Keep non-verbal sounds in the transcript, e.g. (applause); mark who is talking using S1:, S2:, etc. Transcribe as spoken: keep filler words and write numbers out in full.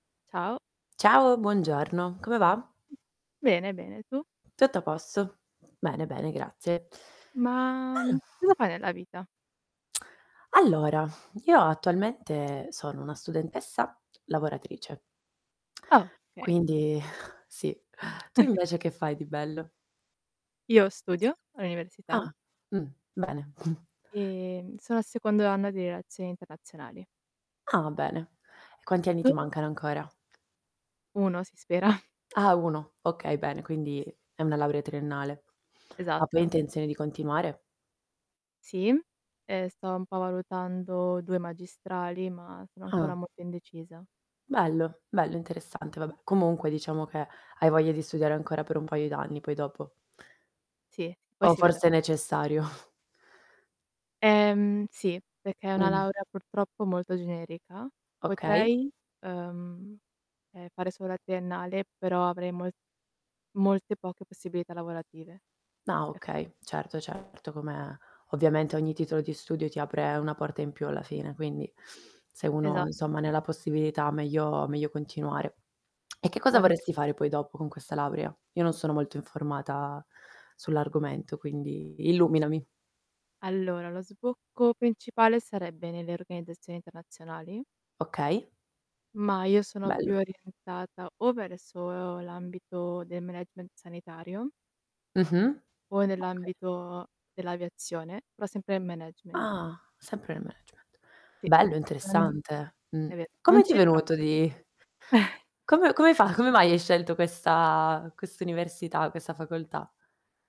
S1: Ciao.
S2: Ciao, buongiorno. Come va?
S1: Mh. Bene, bene, tu?
S2: Tutto a posto. Bene, bene, grazie.
S1: Ma, mhmm,
S2: Allo
S1: cosa fai nella vita?
S2: (smacks lips) Allora, io attualmente sono una studentessa lavoratrice.
S1: Okay.
S2: Quindi, sì. Tu invece che fai di bello?
S1: Io studio all'università
S2: Ah. Mh. Bene. (snorts)
S1: e, mhmm, sono al secondo anno di relazioni internazionali.
S2: Ah, bene. E quanti anni
S1: Tu?
S2: ti mancano ancora?
S1: Uno si spera.
S2: Ah uno. Okay, bene. Quindi è una laurea triennale. Ma, poi hai
S1: Esatto.
S2: intenzione di continuare?
S1: Sì. E, sto un po' valutando due magistrali, ma sono ancora
S2: Ah.
S1: molto indecisa.
S2: Bello, bello, interessante vabbè. Comunque diciamo che hai voglia di studiare ancora per un paio d'anni poi dopo.
S1: Sì, poi
S2: O
S1: si vedrà.
S2: forse è necessario. (snorts)
S1: Ehm, sì, peché è una
S2: Mh.
S1: laurea purtroppo molto generica.
S2: Okay.
S1: Potrei, uhm, ehm, fare solo la triennale, però avrei mol molte poche possibilità lavorative.
S2: Ah
S1: Ef
S2: okay, certo certo come ovviamente ogni titolo di studio ti apre una porta in più alla fine, quindi se uno,
S1: Esatto.
S2: insomma, ne ha la possibilità meglio meglio continuare. (smacks lips) E che cosa
S1: Poi
S2: vorresti fare poi dopo con questa laurea? Io non sono molto informata sull'argomento, quindi illuminami.
S1: Allora lo sbocco principale sarebbe nelle organizzazioni internazionali
S2: Okay.
S1: ma io sono più
S2: Bello.
S1: orientata o verso l'ambito del management sanitario...
S2: Mh-mh.
S1: o
S2: Okay.
S1: nell'ambito dell'aviazione, però sempre nel management.
S2: Ah, sempre nel management.
S1: Sì,
S2: Bello,
S1: è
S2: interessante. Mh.
S1: è ve non
S2: Come ti è
S1: c'entra
S2: venuto
S1: molto.
S2: di
S1: (chuckles)
S2: come come fa come mai hai scelto questa quest'università, questa facoltà?